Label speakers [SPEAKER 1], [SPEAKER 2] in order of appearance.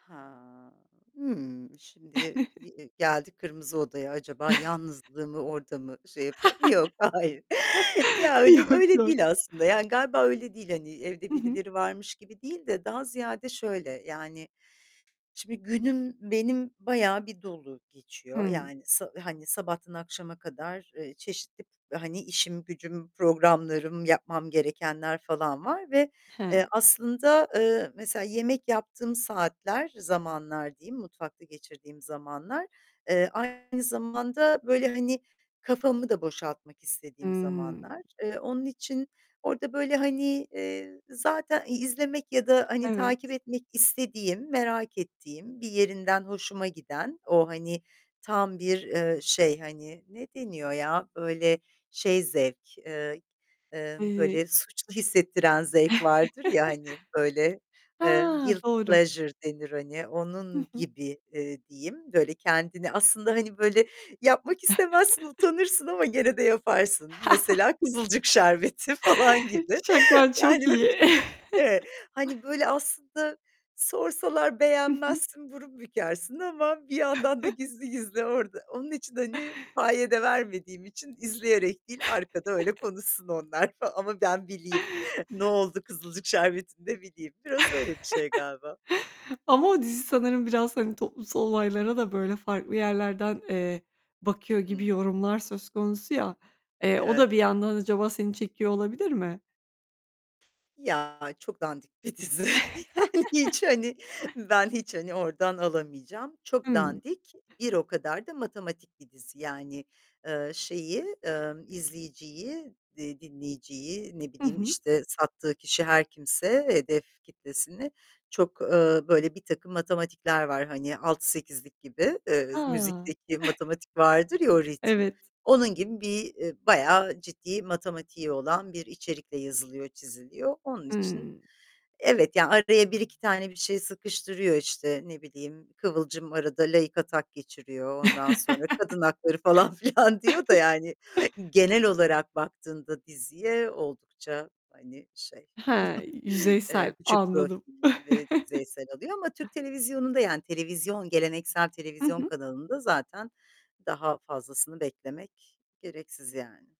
[SPEAKER 1] Ha, hımm şimdi eee g eee geldik Kırmızı Oda'ya acaba yalnızlığımı orada mı şey yapıyorum? Yok, hayır. Ya, öyle
[SPEAKER 2] Yok,
[SPEAKER 1] öyle
[SPEAKER 2] yok.
[SPEAKER 1] değil aslında, yani, galiba öyle değil, hani, evde
[SPEAKER 2] Hı hı.
[SPEAKER 1] birileri varmış gibi değil de daha ziyade şöyle, yani, şimdi günüm benim bayağı bir dolu geçiyor,
[SPEAKER 2] Hımm.
[SPEAKER 1] yani, sa hani, sabahtan akşama kadar, eee, çeşitli, hani, işim gücüm, programlarım, yapmam gerekenler falan var ve
[SPEAKER 2] He.
[SPEAKER 1] eee, aslında, eee, mesela yemek yaptığım saatler, zamanlar diyeyim, mutfakta geçirdiğim zamanlar, eee, aynı zamanda böyle, hani, kafamı da boşaltmak istediğim
[SPEAKER 2] Hımm.
[SPEAKER 1] zamanlar. Eee, onun için orada böyle, hani, eee, zaten i izlemek ya da hani, takip
[SPEAKER 2] Evet.
[SPEAKER 1] etmek istediğim, merak ettiğim, bir yerinden hoşuma giden o, hani, tam bir, eee, şey, hani, ne deniyor ya, böyle şey zevk, eee, eee,
[SPEAKER 2] Eee
[SPEAKER 1] böyle suçlu hissettiren zevk vardır ya, hani, böyle eee
[SPEAKER 2] Eee,
[SPEAKER 1] guilty
[SPEAKER 2] doğru.
[SPEAKER 1] pleasure denir, hani,
[SPEAKER 2] Hı
[SPEAKER 1] onun
[SPEAKER 2] hı.
[SPEAKER 1] gibi, eee, diyeyim böyle kendini aslında, hani, böyle yapmak istemezsin utanırsın ama gene de yaparsın mesela Kızılcık Şerbeti falan gibi
[SPEAKER 2] Çekmen
[SPEAKER 1] yani,
[SPEAKER 2] çok iyi.
[SPEAKER 1] evet, hani böyle aslında sorsalar
[SPEAKER 2] Hı hı.
[SPEAKER 1] beğenmezsin, burun bükersin ama bir yandan da gizli gizli orada onun için, hani, paye de vermediğim için izleyerek değil arkada öyle konuşsun onlar falan ama ben bileyim. Noldu Kızılcık Şerbeti'nde bileyim. Biraz öyle bir şey galiba.
[SPEAKER 2] Ama o dizi sanırım biraz, hani, toplumsal olaylara da böyle farklı yerlerden, eee, bakıyor gibi
[SPEAKER 1] Hımm.
[SPEAKER 2] yorumlar söz konusu ya, eee, o
[SPEAKER 1] Evet.
[SPEAKER 2] da bir yandan acaba seni çekiyor olabilir mi?
[SPEAKER 1] Ya çok dandik bir dizi, yani, hiç, hani, ben hiç hani ordan alamayacağım. Çok
[SPEAKER 2] Hımm.
[SPEAKER 1] dandik, bir o kadar da matematik bir dizi, yani, eee, şeyi, emm, izleyiciyi, eee, dinleyiciyi, ne
[SPEAKER 2] Hı
[SPEAKER 1] bileyim,
[SPEAKER 2] hı.
[SPEAKER 1] işte, sattığı kişi her kimse hedef kitlesini çok, eee, böyle birtakım matematikler var, hani, 6 8'lik gibi. Eee,
[SPEAKER 2] A!
[SPEAKER 1] müzikteki matematik vardır, ya o ritim,
[SPEAKER 2] Evet.
[SPEAKER 1] onun gibi bir, eee, bayağı ciddi matematiği olan bir içerikle yazılıyor, çiziliyor. Onun için
[SPEAKER 2] Hımm.
[SPEAKER 1] evet, yani araya 1-2 tane bir şey sıkıştırıyor işte, ne bileyim, kıvılcım arada laik atak geçiriyor, ondan sonra kadın hakları falan filan diyor da, yani, genel olarak baktığında diziye oldukça, hani, şey,
[SPEAKER 2] Hee, yüzeysel.
[SPEAKER 1] eee, küçük
[SPEAKER 2] Anladım.
[SPEAKER 1] profilleri ve yüzeysel alıyor ama Türk televizyonunda, yani, televizyon geleneksel
[SPEAKER 2] Hı
[SPEAKER 1] televizyon
[SPEAKER 2] hı.
[SPEAKER 1] kanalında zaten daha fazlasını beklemek gereksiz, yani.